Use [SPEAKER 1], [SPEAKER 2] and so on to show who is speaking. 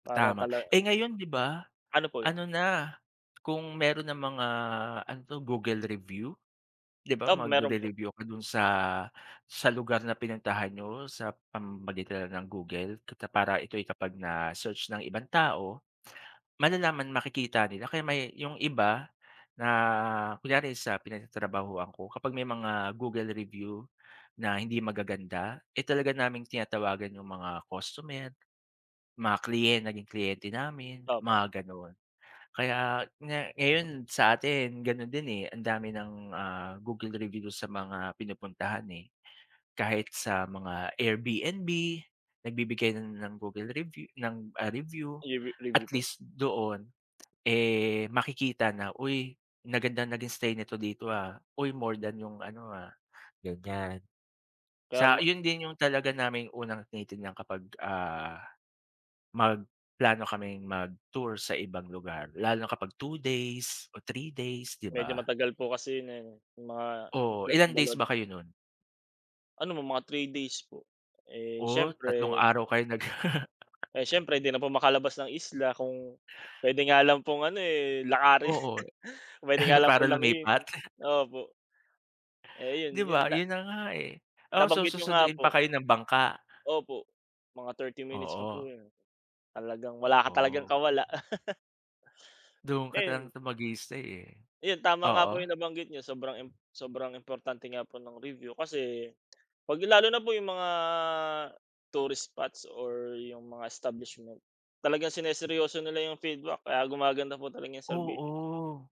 [SPEAKER 1] Para
[SPEAKER 2] Tama.
[SPEAKER 1] tala
[SPEAKER 2] Eh, ngayon 'di ba,
[SPEAKER 1] Ano po yun?
[SPEAKER 2] ano na, kung meron ng mga ano 'to Google review, 'di ba,
[SPEAKER 1] O, meron po.
[SPEAKER 2] magre-review ka dun sa sa lugar na pinuntahan niyo sa pamamagitan ng Google. Para ito'y kapag na search ng ibang tao, malalaman, makikita nila, kaya may yung iba na, kunyari sa pinagtatrabahuan ko, kapag may mga Google review na hindi magaganda eh, talaga naming tinatawagan yung mga customer, mga kliyen naging kliyente namin,
[SPEAKER 1] Opo.
[SPEAKER 2] mga ganon. Kaya nga ngayon sa atin, ganun din eh, ang dami ng ah, Google review sa mga pinupuntahan, eh. Kahit sa mga AirBNB, nagbibigay na ng Google review ng ah, review.
[SPEAKER 1] Ire review
[SPEAKER 2] At
[SPEAKER 1] po.
[SPEAKER 2] least doon eh, makikita na, "Uy maganda naging stay nito dito ah", "Uy more than yung ano ah," ganyan. Sa
[SPEAKER 1] Tama.
[SPEAKER 2] yun din yung talaga naming unang tinitingnan kapag, ah, magplano kaming mag-tour sa ibang lugar, lalo na kapag 2 days or 3 days, 'di
[SPEAKER 1] Medyo
[SPEAKER 2] ba?
[SPEAKER 1] matagal po kasi yung mga
[SPEAKER 2] Oo, ilang days
[SPEAKER 1] [unintelligible]
[SPEAKER 2] ba kayo nun?
[SPEAKER 1] Ano mo mga 3 days po. Eh,
[SPEAKER 2] Oh, tatlong
[SPEAKER 1] siyempre
[SPEAKER 2] araw kayo nag
[SPEAKER 1] Eh, siyempre di na po makalabas ng isla. Kung puwede nga lang pong ano eh, lakarin,
[SPEAKER 2] Oo.
[SPEAKER 1] puwede nga lang
[SPEAKER 2] Para
[SPEAKER 1] po languyin,
[SPEAKER 2] lumipat?
[SPEAKER 1] eh, opo. Eh yun,
[SPEAKER 2] 'Di
[SPEAKER 1] yun
[SPEAKER 2] ba?
[SPEAKER 1] na.
[SPEAKER 2] Yun na nga, eh. Oo, so
[SPEAKER 1] Nabanggit niyo nga
[SPEAKER 2] susunduin pa
[SPEAKER 1] po.
[SPEAKER 2] kayo ng bangka?
[SPEAKER 1] Opo. Mga 30 minutes pa po
[SPEAKER 2] Oo.
[SPEAKER 1] yun. Talagang wala ka talagang
[SPEAKER 2] Oo.
[SPEAKER 1] kawala.
[SPEAKER 2] Dun ka lang
[SPEAKER 1] Ayun.
[SPEAKER 2] talaga mag-i-istay, eh.
[SPEAKER 1] Ayun, tama nga po
[SPEAKER 2] Oo.
[SPEAKER 1] yung nabanggit niyo. Sobrang im sobrang importante nga po ng review. Kasi 'pag lalo na po yung mga tourist spots or yung mga establishment talagang siniseryoso nila yung feedback, kaya gumaganda po talaga yung serbi
[SPEAKER 2] Oo.